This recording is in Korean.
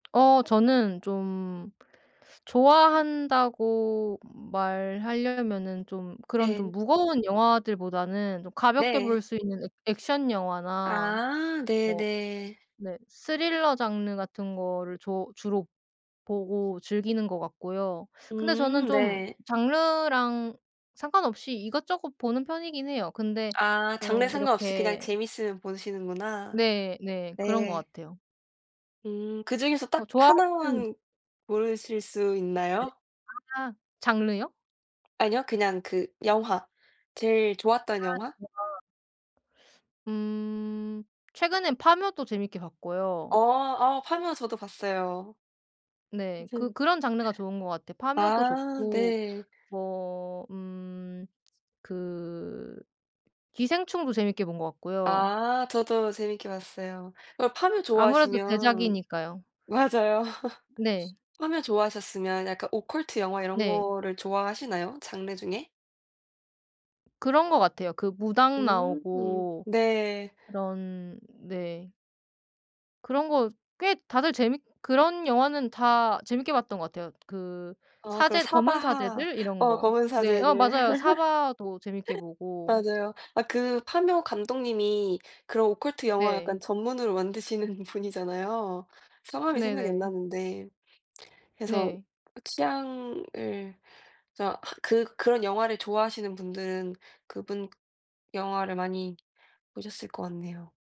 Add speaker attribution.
Speaker 1: 어 저는 좀 좋아한다고 말하려면은 좀 그런
Speaker 2: 예.
Speaker 1: 좀 무거운 영화들보다는 좀 가볍게 볼
Speaker 2: 네.
Speaker 1: 수 있는 액 액션 영화나
Speaker 2: 아
Speaker 1: 뭐
Speaker 2: 네네.
Speaker 1: 네 스릴러 장르 같은 거를 조 주로 보고 즐기는 것 같고요. 근데 저는
Speaker 2: 음
Speaker 1: 좀
Speaker 2: 네.
Speaker 1: 장르랑 상관없이 이것저것 보는 편이긴 해요. 근데
Speaker 2: 아 장르
Speaker 1: 좀
Speaker 2: 상관없이 그냥
Speaker 1: 이렇게
Speaker 2: 재밌으면 보시는구나.
Speaker 1: 네. 네. 그런 것
Speaker 2: 네.
Speaker 1: 같아요.
Speaker 2: 음 그중에서
Speaker 1: 어
Speaker 2: 딱
Speaker 1: 좋아하시는
Speaker 2: 하나만 고르실 수
Speaker 1: 네네.
Speaker 2: 있나요?
Speaker 1: 아 장르요?
Speaker 2: 아니요. 그냥 그 영화. 제일
Speaker 1: 아
Speaker 2: 좋았던 영화.
Speaker 1: [unintelligible] 음 최근엔 파묘도 재밌게 봤고요.
Speaker 2: 어 아 파묘 저도 봤어요.
Speaker 1: 네.
Speaker 2: 맞아요.
Speaker 1: 그 그런 장르가 좋은 것 같아요. 파묘도
Speaker 2: 아
Speaker 1: 좋고
Speaker 2: 네.
Speaker 1: 뭐 음 그 기생충도 재밌게 본 것 같고요.
Speaker 2: 아 저도 재밌게 봤어요. 어 파묘
Speaker 1: 아무래도
Speaker 2: 좋아하시면
Speaker 1: 대작이니까요.
Speaker 2: 맞아요.
Speaker 1: 네.
Speaker 2: 저 파묘 좋아하셨으면 약간 오컬트 영화 이런
Speaker 1: 네.
Speaker 2: 거를 좋아하시나요, 장르 중에?
Speaker 1: 그런 것 같아요. 그 무당
Speaker 2: 음
Speaker 1: 나오고
Speaker 2: 네.
Speaker 1: 그런 네. 그런 거 꽤 다들 재밌 그런 영화는 다 재밌게 봤던 것 같아요. 그
Speaker 2: 어 그럼
Speaker 1: 사제 검은
Speaker 2: 사바하
Speaker 1: 사제들 이런
Speaker 2: 어
Speaker 1: 거.
Speaker 2: 검은
Speaker 1: 네 어
Speaker 2: 사제들.
Speaker 1: 맞아요. 사바하도 재밌게 보고.
Speaker 2: 맞아요. 아 그 파묘 감독님이 그런 오컬트 영화 약간
Speaker 1: 네.
Speaker 2: 전문으로 만드시는 분이잖아요. 성함이 생각이 안
Speaker 1: 네네.
Speaker 2: 나는데 그래서
Speaker 1: 네.
Speaker 2: 취향을 진짜 하 그 -그런 영화를 좋아하시는 분들은 그분 영화를 많이 보셨을 것 같네요.